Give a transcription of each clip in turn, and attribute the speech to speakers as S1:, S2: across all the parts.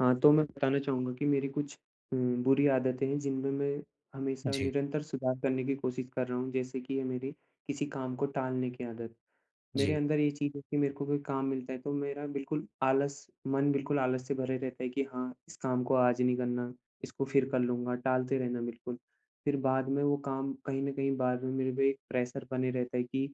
S1: हाँ, तो मैं बताना चाहूँगा की मेरी कुछ उम, बुरी आदतें हैं जिनमे मैं हमेशा
S2: जी।
S1: निरंतर सुधार करने की कोशिश कर रहा हूँ, जैसे की ये मेरी किसी काम को टालने की आदत। मेरे
S2: जी।
S1: अंदर ये चीज़ है की मेरे को कोई काम मिलता है तो मेरा बिल्कुल आलस मन बिल्कुल आलस से भरे रहता है की हाँ, इस काम को आज नहीं करना, इसको फिर कर लूँगा टालते रहना बिल्कुल। फिर बाद में वो काम कहीं न कहीं बाद में मेरे पे एक प्रेशर बने रहता है की,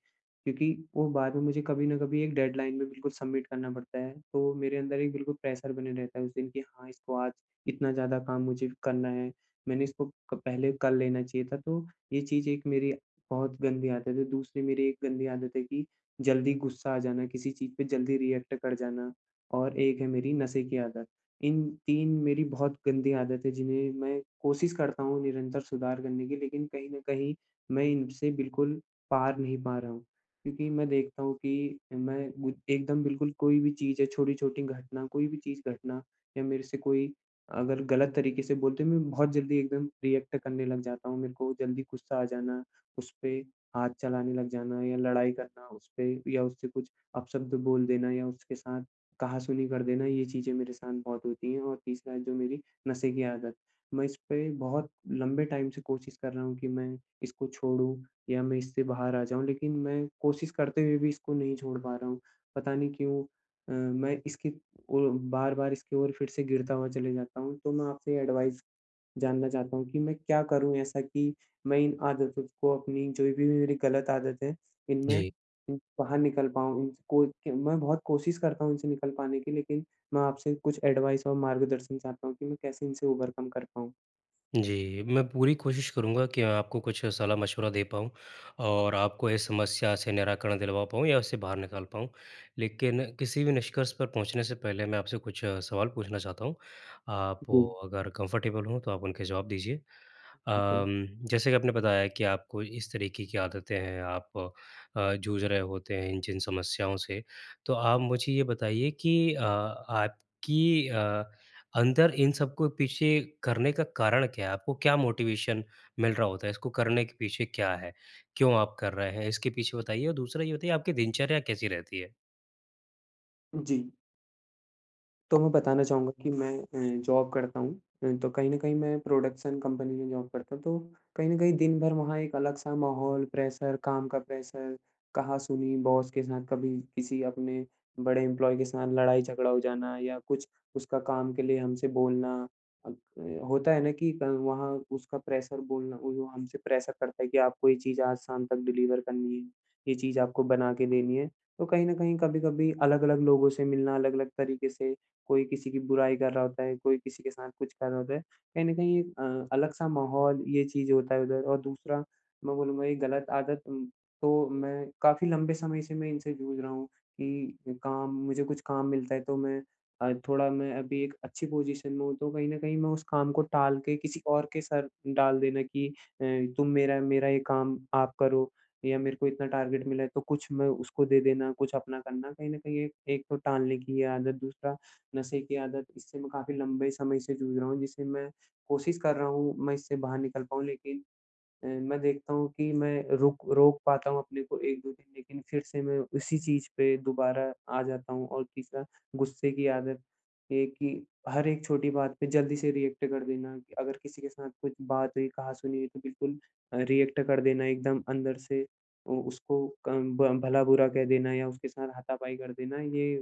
S1: क्योंकि वो बाद में मुझे कभी न कभी एक डेडलाइन में बिल्कुल सबमिट करना पड़ता है। तो मेरे अंदर एक बिल्कुल प्रेशर बने रहता है उस दिन, की हाँ, इसको आज इतना ज़्यादा काम मुझे करना है। मैंने इसको क पहले, कर लेना चाहिए था, तो ये चीज़ एक मेरी बहुत गंदी आदत है। दूसरी मेरी एक गंदी आदत है कि, जल्दी गुस्सा आ जाना किसी चीज़ पे जल्दी रिएक्ट कर जाना और एक है मेरी नशे की आदत। इन तीन मेरी बहुत गंदी आदत हैं जिन्हें मैं कोशिश करता हूँ निरंतर सुधार करने की लेकिन कहीं न कहीं मैं इनसे बिल्कुल पार नहीं पा रहा हूँ। क्योंकि मैं देखता हूँ कि मैं गु एकदम बिल्कुल कोई भी चीज़ है छोटी-छोटी घटना कोई भी चीज़ घटना या मेरे से कोई अगर गलत तरीके से बोलते हैं मैं बहुत जल्दी एकदम रिएक्ट करने लग जाता हूँ। मेरे को जल्दी गुस्सा आ जाना, उसपे हाथ चलाने लग जाना या लड़ाई करना उसपे या उससे कुछ अपशब्द बोल देना या उसके साथ कहासुनी कर देना ये चीज़ें मेरे साथ बहुत होती है और तीसरा जो मेरी नशे की आदत। मैं इसपे, बहुत लम्बे टाइम से कोशिश कर रहा हूँ की, मैं इसको छोड़ूँ या मैं इससे बाहर आ जाऊँ, लेकिन मैं कोशिश करते हुए भी इसको नहीं छोड़ पा रहा हूँ। पता नहीं क्यों अ, मैं इसकी ओ बार-बार इसकी ओर फिर से गिरता हुआ चले जाता हूँ? तो मैं आपसे एडवाइस जानना चाहता हूँ कि मैं क्या करूँ ऐसा की, मैं इन आदतों को अपनी जो भी मे मेरी गलत आदत हैं, इनमे
S2: जी।
S1: उह बाहर निकल पाऊँ इन को, कि मैं बहुत कोशिश करता हूँ इनसे निकल पाने की लेकिन, मैं आपसे कुछ एडवाइस और मार्गदर्शन चाहता हूँ कि मैं कैसे इनसे ओवरकम कर पाऊँ?
S2: जी, मैं पूरी कोशिश करूँगा कि आपको कुछ सलाह-मशविरा दे पाऊँ, और आपको इस समस्या से निराकरण दिलवा पाऊँ या उससे बाहर निकाल पाऊँ, लेकिन किसी भी निष्कर्ष पर पहुँचने से पहले मैं आपसे कुछ सवाल पूछना चाहता हूँ, आप
S1: जी।
S2: अगर कंफ़र्टेबल हो तो आप उनके जवाब दीजिए,
S1: बिल्कुल।
S2: अम, जैसे कि आपने बताया कि आपको इस तरीके की आदतें हैं आप अ, जूझ रहे होते हैं इन जिन समस्याओं से, तो आप मुझे ये बताइए कि अ, आपकी अ, अंदर इन सबको पीछे करने का कारण क्या हैं? आपको क्या मोटिवेशन मिल रहा होता हैं इसको करने के पीछे क्या हैं? क्यों आप कर रहे हैं? इसके पीछे बताइए और दूसरा ये बताइए आपकी दिनचर्या कैसी रहती हैं?
S1: जी। तो मैं बताना चाहूँगा कि मैं अ, जॉब करता हूँ। अ, तो कहीं न कहीं मैं प्रोडक्शन कंपनी में जॉब करता हूँ। तो कहीं न कहीं दिन भर वहाँ एक अलग सा माहौल प्रेशर काम का प्रेशर, कहा-सुनी बॉस के साथ कभी किसी अपने बड़े एम्प्लॉयी के साथ लड़ाई-झगड़ा हो जाना या कुछ उसका काम के लिए हमसे बोलना अ, होता हैं ना कि क वहाँ उसका प्रेशर बोलना वो हमसे प्रेशर करता हैं कि आपको ये चीज़ आज शाम तक डिलीवर करनी हैं। ये चीज़ आपको बना के देनी हैं, तो कहीं न कहीं-कभी अलग-अलग लोगों से मिलना, अलग-अलग तरीके से कोई किसी की बुराई कर रहा होता हैं, कोई किसी के साथ कुछ कर रहा होता हैं। कहीं न कहीं अ, अलग-सा माहौल ये चीज़ें होता हैं उधर और दूसरा मैं बोलूँगा ये गलत आदत तो मैं काफ़ी लम्बे समय से मैं इनसे जूझ रहा हूँ कि काम मुझे कुछ काम मिलता हैं तो मैं अ, थोड़ा मैं अभी एक अच्छी पोज़ीशन में हूँ तो कहीं न कहीं मैं उस काम को टाल के किसी और के सर डाल देना कि अ, तुम मेरा मेरा ये काम आप करो, या मेरे को इतना टारगेट मिला हैं तो कुछ मैं उसको दे देना, कुछ अपना करना कहीं न कहीं ये एक तो टालने की ये आदत, दूसरा नशे की आदत, इससे मैं काफ़ी लम्बे समय से जूझ रहा हूँ जिससे मैं कोशिश कर रहा हूँ मैं इससे बाहर निकल पाऊ लेकिन, अ, मैं देखता हूँ कि मैं रुक रोक पाता हूँ अपने को 1-2 दिन लेकिन फिर से मैं उसी चीज पे दुबारा आ जाता हूँ और तीसरा गुस्से की आदत, ये कि हर एक छोटी बात पे जल्दी से रिएक्ट कर देना। अगर किसी के साथ कुछ बात हुई, कहा-सुनी हुई तो बिल्कुल अ, रिएक्ट कर देना। एकदम अंदर से अ, उसको कं भ भला-बुरा कह देना या उसके साथ हाथा-पाई कर देना। ये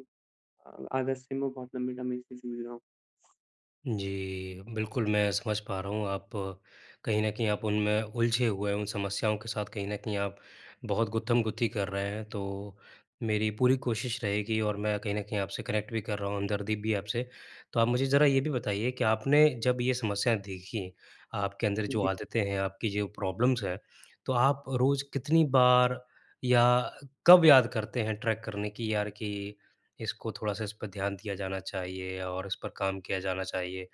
S1: अ, आदत से मैं बहुत लंबे समय से जूझ रहा हूँ।
S2: जी। बिल्कुल, मैं समझ पा रहा हूँ आप कहीं न कहीं आप उनमें उलझे हुए उन समस्याओं के साथ कहीं न कहीं आप बहुत गुत्थमगुत्थी कर रहे हैं तो मेरी पूरी कोशिश रहेगी और मैं कहीं न कहीं आपसे कनेक्ट भी कर रहा हूँ हमदर्दी भी है आपसे। तो आप मुझे जरा ये भी बताइए कि आपने जब ये समस्याएँ देखी, आपके अंदर जो
S1: जी।
S2: आदतें हैं, आपकी जो प्रॉब्लम्स हैं, तो आप रोज़ कितनी बार या कब याद करते हैं ट्रैक करने की यार कि इसको थोड़ा-सा इस पे ध्यान दिया जाना चाहिए और इस पर काम किया जाना चाहिए।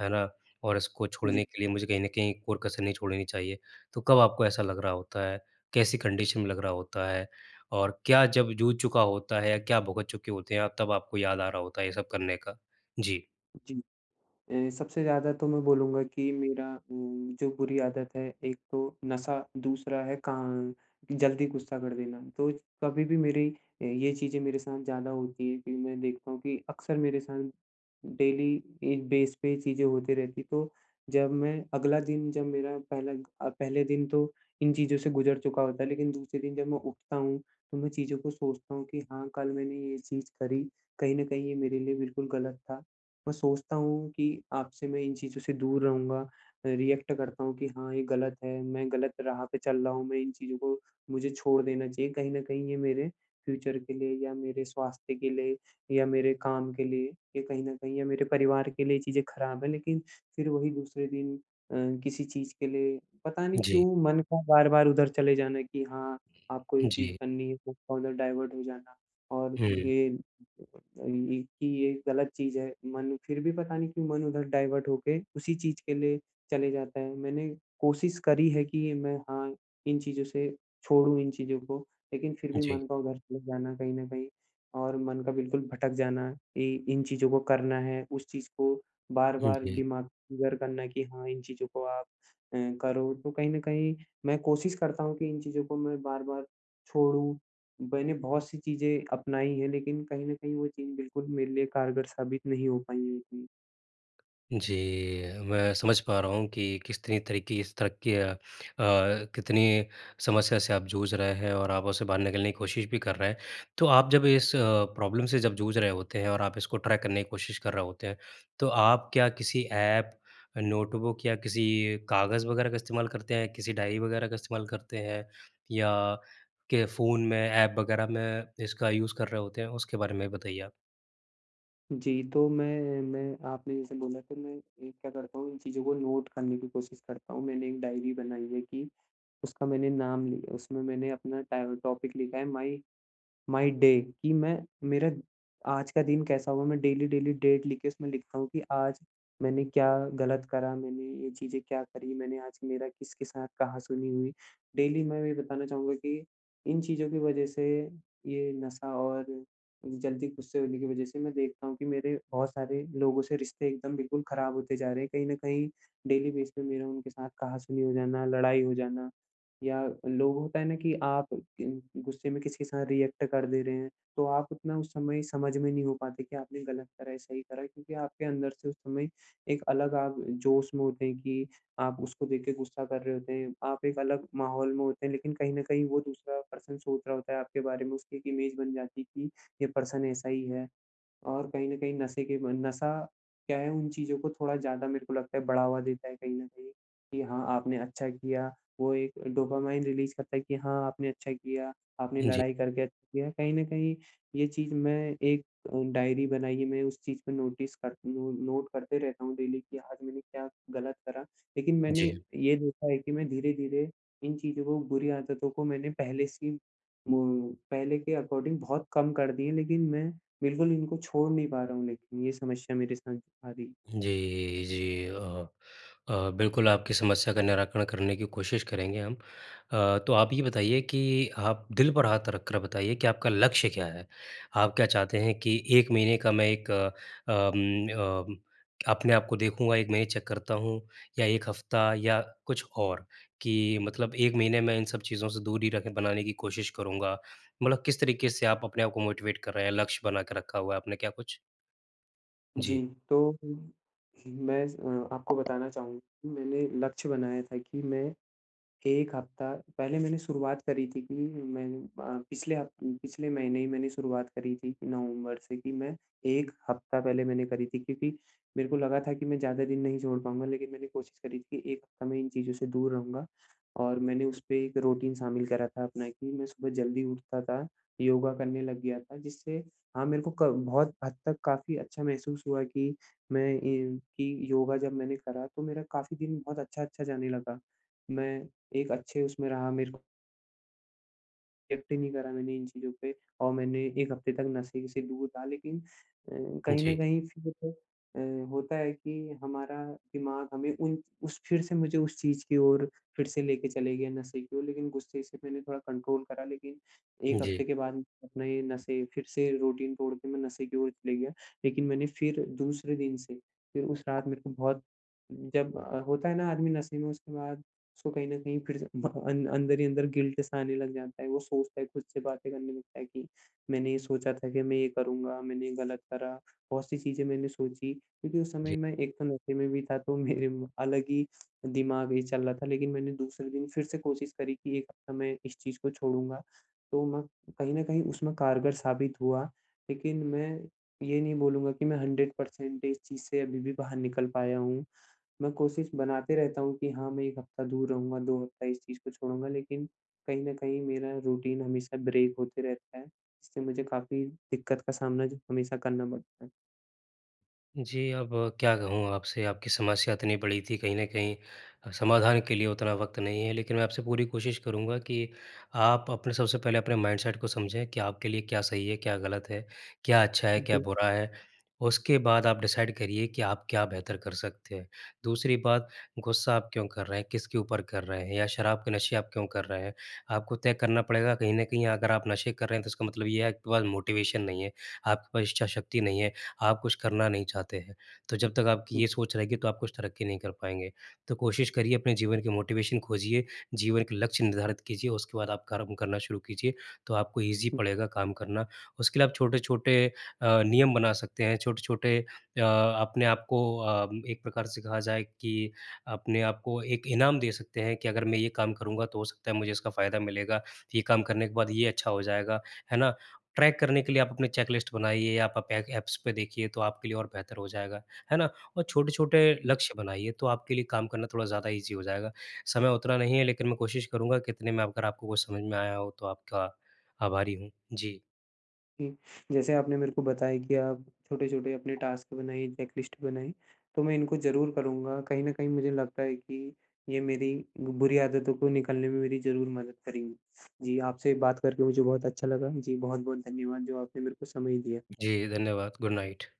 S2: है ना? और इसको छोड़ने
S1: जी।
S2: के लिए मुझे कहीं न कहीं कोई कसर नहीं छोड़नी चाहिए। तो कब आपको ऐसा लग रहा होता है? कैसी कंडीशन में लग रहा होता है, और क्या जब जूझ चुका होता है या क्या भुगत चुके होते हैं आप तब आपको याद आ रहा होता है ये सब करने का? जी।
S1: जी। अ, सबसे ज़्यादा तो मैं बोलूँगा की मेरा उम, जो बुरी आदत है एक तो नशा, दूसरा है का जल्दी गुस्सा कर देना। तो कभी भी मेरी अ, ये चीज़ें मेरे साथ ज़्यादा होती है कि मैं देखता हूँ कि अक्सर मेरे साथ डेली इस बेस पे ये चीज़ें होती रहती है तो जब मैं अगला दिन जब मेरा पहला अ, पहले दिन तो इन चीज़ों से गुजर चुका होता है। लेकिन दूसरे दिन जब मैं उठता हूँ, तो मैं चीज़ों को सोचता हूँ कि हाँ, कल मैंने ये चीज़ करी, कहीं न कहीं ये मेरे लिए बिल्कुल गलत था। मैं सोचता हूँ कि अब से मैं इन चीज़ों से दूर रहूँगा, रिएक्ट करता हूँ कि हाँ, ये गलत है, मैं गलत राह पे चल रहा हूँ मैं इन चीज़ को मुझे छोड़ देना चाहिए कहीं न कहीं ये मेरे, फ्यूचर के लिए या मेरे स्वास्थ्य के लिए या मेरे काम के लिए ये कहीं न कहीं या मेरे परिवार के लिए चीज़ें ख़राब है, लेकिन फ़िर वही दूसरे दिन अ, किसी चीज़ के लिए पता नहीं
S2: जी।
S1: क्यों मन का बार-बार उधर चले जाना है कि हाँ, आपको ये चीज़
S2: जी।
S1: करनी है उधर डाइवर्ट हो जाना, और
S2: हुँ।
S1: ये ये कि ये गलत चीज़ है, मन फ़िर भी पता नहीं क्यों मन उधर डाइवर्ट होके, उसी चीज़ के लिए चले जाता है। मैंने कोशिश करी है कि मैं हाँ, इन चीज़ों से छोड़ूँ इन चीज़ों को, लेकिन फ़िर भी
S2: जी।
S1: मन का उधर चले जाना कहीं न कहीं और मन का बिल्कुल भटक जाना इ इन चीज़ों को करना है, उस चीज़ को
S2: हुँ,
S1: बार-बार
S2: जी।
S1: दिमाग घर करना कि हाँ, इन चीज़ों को आप अ, करो तो कहीं न कहीं मैं कोशिश करता हूँ कि इन चीज़ों को मैं बार-बार छोड़ूँ। मैंने बहुत सी चीज़ें अपनाई हैं लेकिन कहीं न कहीं वो चीज़ बिल्कुल मेरे लिए कारगर साबित नहीं हो पाई है इतनी।
S2: जी। मैं समझ पा रहा हूँ कि कितनी तरह की इस तरह की अ, अ, कितनी समस्या से आप जूझ रहे हैं और आप उसे बाहर निकलने की कोशिश भी कर रहे हैं। तो आप जब इस अ, प्रॉब्लम से जब जूझ रहे होते हैं और आप इसको ट्रैक करने की कोशिश कर रहे होते हैं, तो आप क्या किसी ऐप, नोटबुक या किसी कागज़ वगैरह का इस्तेमाल करते हैं, किसी डायरी वगैरह का इस्तेमाल करते हैं? या के फ़ोन में एप वगैरह में इसका यूज़ कर रहे होते हैं? उसके बारे में बताइए आप।
S1: जी। तो मैं मैं आपने जैसे बोला के मैं, एक क्या करता हूँ इन चीज़ों को नोट करने की कोशिश करता हूँ। मैंने एक डायरी बनाई है कि, उसका मैंने नाम लि उसमें मैंने अपना टाए टॉपिक लिखा है माई माई डे कि मैं मेरा आज का दिन कैसा हुआ मैं डेली-डेली डेट लिख के उसमें लिखता हूँ कि, आज मैंने क्या ग़लत करा, मैंने ये चीज़ें क्या करी, मैंने आज मेरा किसके साथ कहाँ सुनी हुई। डेली मैं ये बताना चाहूँगा कि इन चीज़ों की वजह से ये नशा और जल्दी गुस्से होने की वजह से मैं देखता हूँ कि, मेरे बहुत सारे लोगों से रिश्ते एकदम बिल्कुल ख़राब होते जा रहे हैं। कहीं न कहीं डेली बेस पे मेरा उनके साथ कहा-सुनी हो जाना, लड़ाई हो जाना या लोग होता है ना कि आप अम, गुस्से में किसी के साथ रिएक्ट कर दे रहे हैं, तो आप उतना उस समय समझ में नहीं हो पाते कि आपने ग़लत करा, सही करा है, क्योंकि आपके अंदर से उस समय, एक अलग आप जोश में होते हैं कि आप उसको देख के गुस्सा कर रहे होते हैं। आप एक अलग माहौल में होते हैं लेकिन कहीं न कहीं वो दूसरा पर्सन सोच रहा होता है आपके बारे में उसकी एक इमेज बन जाती है कि, ये पर्सन ऐसा ही है। और कहीं न कहीं नशे के बन नशा क्या है उन चीज़ को थोड़ा ज़्यादा मेरे को लगता है, बढ़ावा देता है कहीं न कहीं कि हाँ, आपने अच्छा किया वो एक डोपामाइन रिलीज़ करता है कि हाँ, आपने अच्छा किया, आपने
S2: जी।
S1: लड़ाई करके अच्छा किया। कहीं न कहीं ये चीज़ मैं एक डायरी बनाई है, मैं उस चीज़ पे नोटिस कर नो नोट करते रहता हूँ डेली कि आज मैंने क्या ग़लत करा। लेकिन मैंने
S2: जी।
S1: ये देखा है कि मैं धीरे-धीरे इन चीज़ों को, बुरी आदतों को मैंने पहले से ही मो पहले के अकॉर्डिंग बहुत कम कर दिए, लेकिन मैं बिल्कुल इनको छोड़ नहीं पा रहा हूँ लेकिन, ये समस्या मेरे साथ आ रही है।
S2: जी, जी। अ, अ, बिल्कुल, आपकी समस्या का निराकरण करने की कोशिश करेंगे हम। अ, तो आप ये बताइए कि आप दिल पर हाथ रखकर बताइए कि, आपका लक्ष्य क्या है? आप क्या चाहते हैं कि, 1 महीने का मैं एक अ म अ, अपने आप को देखूँगा 1 महीने चेक करता हूँ? या 1 हफ़्ता या कुछ और, कि मतलब 1 महीने में इन सब चीज़ों से दूर ही रखे बनाने की कोशिश करूँगा, मतलब किस तरीक़े से आप अपने आप को मोटिवेट कर रहे हैं? लक्ष्य बना के रखा हुआ है, आपने क्या कुछ? जी।
S1: जी, तो हुँ, मैं अ, आपको बताना चाहूँगा मैंने लक्ष्य बनाया था कि मैं, 1 हफ़्ता, पहले मैंने शुरुआत करी थी की मैं अ, पिछले हफ़ पिछले महीने ही मैंने शुरुआत करी थी की नवम्बर से कि, मैं 1 हफ़्ता पहले मैंने करी थी, क्योंकि मेरे को लगा था कि मैं ज़्यादा दिन नहीं छोड़ पाऊँगा। लेकिन मैंने कोशिश करी थी कि 1 हफ़्ता मैं इन चीज़ों से दूर रहूँगा। और मैंने उस पे एक रूटीन शामिल करा था अपना कि मैं सुबह जल्दी उठता था, योगा करने लग गया था, जिससे हाँ, मेरे को क बहुत हद तक काफ़ी अच्छा महसूस हुआ कि, मैं कि ये कि योगा जब मैंने करा, तो मेरा काफ़ी दिन बहुत अच्छा-अच्छा जाने लगा। मैं एक अच्छे उसमें रहा मेरे को रिएक्ट ही नहीं करा मैंने इन चीज़ों पे और मैंने 1 हफ़्ते तक, नशे से दूर रहा। लेकिन अ, कहीं न
S2: जी।
S1: कहीं फिर अ, होता है कि हमारा दिमाग़ हमें उन उस फिर से मुझे उस चीज़ की ओर फिर से लेके चले गया नशे की ओर, लेकिन गुस्से से मैंने थोड़ा कंट्रोल करा। लेकिन 1
S2: जी।
S1: हफ़्ते के बाद, अपना ये नशे फिर से रूटीन तोड़ के, मैं नशे की ओर चले गया। लेकिन मैंने फिर दूसरे दिन से, फिर उस रात मेरे को बहुत जब अ, होता है ना आदमी नशे में उसके बाद, उसको कहीं न कहीं फिर से ब अं अंदर ही अंदर गिल्ट सा आने लग जाता है। वो सोचता है, ख़ुद से बातें करने लगता है, कि मैंने ये सोचा था कि मैं ये करूँगा, मैंने ये ग़लत करा, बहुत सी चीज़ें मैंने सोची क्यूँकि उस
S2: जी।
S1: समय मैं एक तो नशे में भी था। तो मेरे अलग ही दिमाग़ ये चल रहा था, लेकिन मैंने दूसरे दिन फिर से कोशिश करी, की 1 हफ़्ता मैं इस चीज़ को छोड़ूँगा। तो मैं कहीं न कहीं उसमें कारगर साबित हुआ, लेकिन मैं ये नहीं बोलूँगा कि मैं 100 परसेंट इस चीज़ से अभी भी बाहर निकल पाया हूँ। मैं कोशिश बनाते रहता हूँ, कि हाँ मैं 1 हफ़्ता दूर रहूँगा, 2 हफ़्ता इस चीज़ को छोड़ूँगा, लेकिन कहीं न कहीं मेरा रूटीन हमेशा ब्रेक होते रहता है। इससे मुझे काफ़ी दिक्कत का सामना ज हमेशा करना पड़ता है।
S2: जी। अब क्या कहूँ आपसे? आपकी समस्या इतनी बड़ी थी, कहीं न कहीं समाधान के लिए उतना वक़्त नहीं है, लेकिन मैं आपसे पूरी कोशिश करूँगा कि आप अपने सबसे पहले अपने माइंडसेट को समझें कि आपके लिए क्या सही है, क्या गलत है, क्या अच्छा है, क्या
S1: अजी।
S2: बुरा है। उसके बाद आप डिसाइड करिए कि आप क्या बेहतर कर सकते हैं। दूसरी बात, गुस्सा आप क्यों कर रहे हैं, किसके ऊपर कर रहे हैं या शराब के नशे आप क्यों कर रहे हैं, आपको तय करना पड़ेगा। कहीं न कहीं अगर आप नशे कर रहे हैं, तो इसका मतलब ये है, आपके पास मोटिवेशन नहीं है, आपके पास इच्छा शक्ति नहीं है, आप कुछ करना नहीं चाहते हैं। तो जब तक आपकी
S1: हुँ।
S2: ये सोच रहेगी, तो आप कुछ तरक्की नहीं कर पाएँगे। तो कोशिश करिए, अपने जीवन की मोटिवेशन खोजिए, जीवन के लक्ष्य निर्धारित कीजिए। उसके बाद आप कर्म करना शुरू कीजिए, तो आपको ईज़ी
S1: हुँ।
S2: पड़ेगा काम करना। उसके लिए आप छोटे-छोटे अ, नियम बना सकते हैं, छोटे-छोटे अ, अपने आप को अ, एक प्रकार से कहा जाए कि अपने आप को एक इनाम दे सकते हैं कि अगर मैं ये काम करूँगा, तो हो सकता है, मुझे इसका फ़ायदा मिलेगा। ये काम करने के बाद ये अच्छा हो जाएगा। है ना? ट्रैक करने के लिए आप अपनी चेक-लिस्ट बनाइए या पा आप एग एप्स पे देखिए, तो आपके लिए और बेहतर हो जाएगा। है ना? और छोटे-छोटे लक्ष्य बनाइए, तो आपके लिए काम करना थोड़ा ज़्यादा ईज़ी हो जाएगा। समय उतना नहीं है, लेकिन मैं कोशिश करूँगा कि इतने में अगर आपको कुछ समझ में आया हो, तो आपका आभारी हूँ। जी।
S1: हुँ। जैसे आपने मेरे को बताया कि आप छोटे-छोटे अपने टास्क बनाइए, चेक लिस्ट बनाई, तो मैं इनको ज़रूर करूँगा। कहीं न कहीं मुझे लगता है कि ये मेरी बुरी आदतों को निकालने में मेरी ज़रूर मदद करेंगी। जी, आपसे बात करके मुझे बहुत अच्छा लगा। जी, बहुत-बहुत धन्यवाद, जो आपने मेरे को समय दिया।
S2: जी, धन्यवाद। Good night.